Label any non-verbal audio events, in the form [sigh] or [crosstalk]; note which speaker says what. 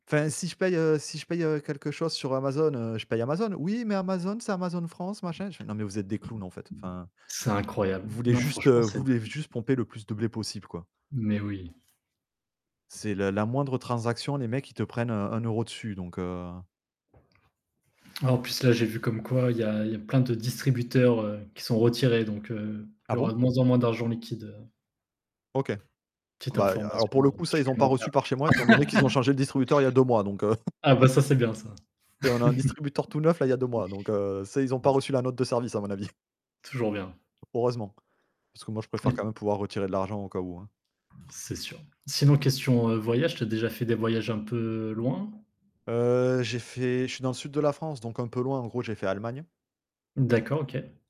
Speaker 1: Enfin si je paye, heu, si je paye, heu, quelque chose sur Amazon, heu, je paye Amazon. «Oui, mais Amazon, c'est Amazon France», machin. Je fais: «Non, mais vous êtes des clowns en fait. Enfin,
Speaker 2: C'est
Speaker 1: vous
Speaker 2: incroyable.
Speaker 1: voulez
Speaker 2: Non
Speaker 1: juste
Speaker 2: franchement
Speaker 1: vous
Speaker 2: c'est
Speaker 1: voulez
Speaker 2: dingue.
Speaker 1: juste pomper le plus de blé possible quoi».
Speaker 2: Mais oui.
Speaker 1: C'est la la moindre transaction, les mecs, ils te prennent, heu, 1 € dessus donc, heu
Speaker 2: En plus là j'ai vu comme quoi il y a il y a plein de distributeurs, heu, qui sont retirés donc, heu, il
Speaker 1: Ah
Speaker 2: y
Speaker 1: bon?
Speaker 2: aura de moins en moins d'argent liquide, heu
Speaker 1: OK.
Speaker 2: Petite
Speaker 1: Bah il y a alors
Speaker 2: information,
Speaker 1: pour le
Speaker 2: heu,
Speaker 1: coup, ça, ils ont pas
Speaker 2: supplémentaire.
Speaker 1: reçu par chez moi, étant donné qu'ils ont
Speaker 2: [laughs]
Speaker 1: changé le distributeur il y 2 mois donc, heu [chuckles]
Speaker 2: Ah bah, ça, c'est bien ça.
Speaker 1: Tu sais, on a un distributeur
Speaker 2: [laughs]
Speaker 1: tout neuf là, il a y 2 mois, donc, heu, ça, ils n'ont pas
Speaker 2: [unintelligible]
Speaker 1: reçu la note de service à mon avis. [chuckles]
Speaker 2: Toujours bien.
Speaker 1: Heureusement. Parce que moi, je
Speaker 2: Et
Speaker 1: préfère quand
Speaker 2: p
Speaker 1: même pouvoir retirer de l'argent au cas où, hein.
Speaker 2: C'est sûr. Sinon question, heu, voyage, tu as déjà fait des voyages un peu loin?
Speaker 1: Heu, j'ai fait je suis dans le sud de la France, donc un peu loin. En gros, j'ai fait Allemagne
Speaker 2: D'accord, OK.